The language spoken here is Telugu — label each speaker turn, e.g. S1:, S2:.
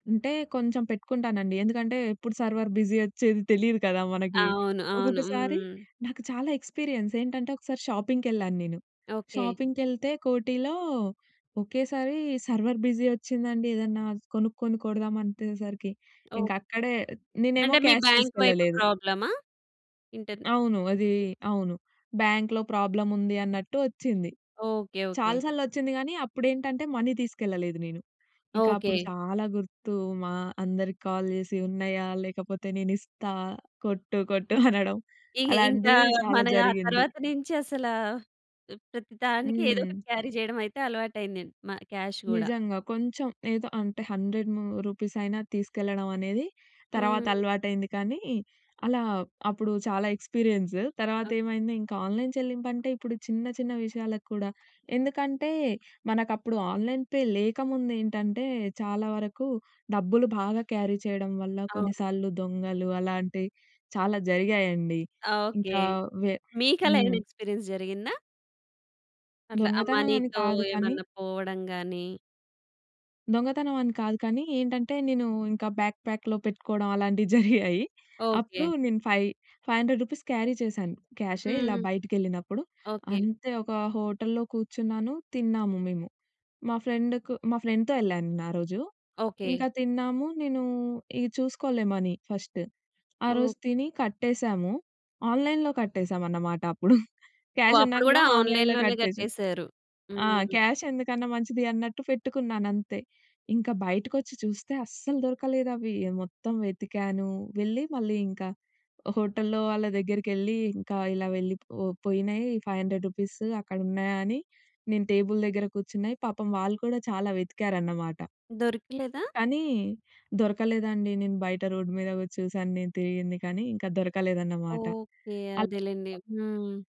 S1: అంటే కొంచెం పెట్టుకుంటానండి. ఎందుకంటే, ఎప్పుడు సర్వర్ బిజీ ఓచ్చేది తెలియదు కదా మనకి.
S2: అవును. అవును.
S1: ఒక్కొక్కసారి
S2: హ్మ్.
S1: నాకు చాలా ఎక్స్‌పి‌రి‌యన్స్ ఏంటంటే, ఒకసారి షాపింగ్‌కెళ్ళాను నేను,
S2: ఓకే.
S1: షాపింగ్‌‌కేళ్తే కోటిలో ఒకేసారి సర్వర్ బిజీ ఓచ్చిందండి. ఏదన్నా కొనుక్కొని కొడదాం అంతేసరికి
S2: ఓహ్!
S1: ఇంక అక్కడే నేనేమో
S2: అంటే, మీ
S1: క్యాష్
S2: బ్యాంక్ వైపు
S1: తీసుకెళ్లలేదు.
S2: ప్రాబ్లమా? ఇంటర్
S1: అవును. అది అవును. బ్యాంక్‌లో ప్రాబ్లముంది అన్నట్టు ఓచ్చింది.
S2: ఓకే. ఓకే.
S1: చాలా సార్లొచ్చింది గానీ, అప్పుడు ఏంటంటే, మనీ తీసుకెళ్లలేదు నేను. ఇంక అప్పుడు
S2: ఓకే.
S1: చాలా గుర్తు మా అందరికి కాల్ జేసి, ఉన్నాయా, లేకపోతే నేను ఇస్తా కొట్టు, కొట్టు అనడం.
S2: ఇ ఇ ఇంకా,
S1: అలాంటిది చాలా
S2: మన ఆ
S1: జరిగింది.
S2: తరువాత నుంచి అసల ప్రతి దానికి ఏదో ఒకటి
S1: హ్మ్.
S2: క్యారీ జేయడమైతే అలవాటు అయిందండి, మా క్యాష్ గూడా.
S1: నిజంగా. కొంచెం ఏదో అంటే 100 ము రూపీసైనా తీసుకెళ్లడం అనేది తర్వాత
S2: హ్మ్.
S1: అలవాటయింది. కానీ, అలా అప్పుడు చాలా ఎక్స్‌పి‌‌రి‌యన్సు. తర్వాతేమైంది ఇంకా ఆన్‌లైన్ చెల్లింపంటే, ఇప్పుడు చిన్న, చిన్న విషయాలకు కూడా ఎందుకంటే, మనకు అప్పుడు ఆన్‌లైన్ పే లేకముందేంటంటే, చాలా వరకు డబ్బులు బాగా క్యారీ చేయడం వల్ల,
S2: అవును.
S1: కొన్నిసార్లు దొంగలు అలాంటివి చాలా జరిగాయండి.
S2: ఓకే.
S1: ఇంకా వె
S2: మీకు అలా ఏమైనా
S1: హ్మ్.
S2: ఎక్స్‌పి‌రి‌యన్స్ జరిగిందా? అట్లా, ఆ
S1: దొంగతనం అని
S2: మనీ‌తో
S1: కాదు కానీ...
S2: ఏమన్నా పోవడం గాని
S1: దొంగతనం అని కాదు కానీ, ఏంటంటే, నేను ఇంకా బ్యాక్ ప్యాక్‌లో పెట్టుకోవడం అలాంటివి జరిగాయి. అప్పుడు
S2: ఓకే.
S1: నేను 5 రూ. 500 క్యారీ చేశాను. క్యాషే ఇలా
S2: హ్మ్.
S1: బయటికెళ్ళినప్పుడు
S2: ఓకే.
S1: అంతే ఒక హోటల్లో కూర్చున్నాను, తిన్నాము మేము. మా ఫ్రెండ్‌కు మా ఫ్రెండ్‌తో యెళ్ళాను నేను ఆరోజు,
S2: ఓకే.
S1: ఇంకా తిన్నాము, నేను ఇగ చూసుకోలే మనీ ఫస్టు. ఆ
S2: ఓహ్!
S1: రోజు తిని కట్టేసాము ఆన్‌లైన్‌లో కట్టేసామన్నమాట అప్పుడు.
S2: ఓహ్!
S1: క్యాష్ ఉన్నా
S2: అప్పుడు గూడా,
S1: కూడా, ఆన్‌లైన్‌లో
S2: ఆన్‌లైన్‌లోనే
S1: కట్టేసాం.
S2: కట్టేశారు.
S1: ఆ!
S2: హ్మ్.
S1: క్యాష్ ఎందుకన్నా మంచిది అన్నట్టు పెట్టుకున్నానంతే. ఇంకా బయటకొచ్చి చూస్తే అస్సలు దొరకలేదు అవి మొత్తం వెతికాను, వెళ్ళి మళ్ళీ ఇంక హోటల్లో వాళ్ళ దగ్గరికేళ్లి ఇంకా ఇలా వెళ్ళి పో పోయినాయి 500 రూపీసు అక్కడ ఉన్నాయా అని నేను టేబుల్ దగ్గర కూర్చున్నాయి పాపం వాళ్ళు కూడా చాలా వెతికారన్నమాట.
S2: దొరకలేదా?
S1: కానీ దొరకలేదండి. నేను బయట రోడ్ మీద వచ్చి చూసాను, నేను తిరిగింది కానీ ఇంకా దొరకలేదన్నమాట.
S2: ఓకే.
S1: అలా
S2: అదేలెండి. హ్మ్.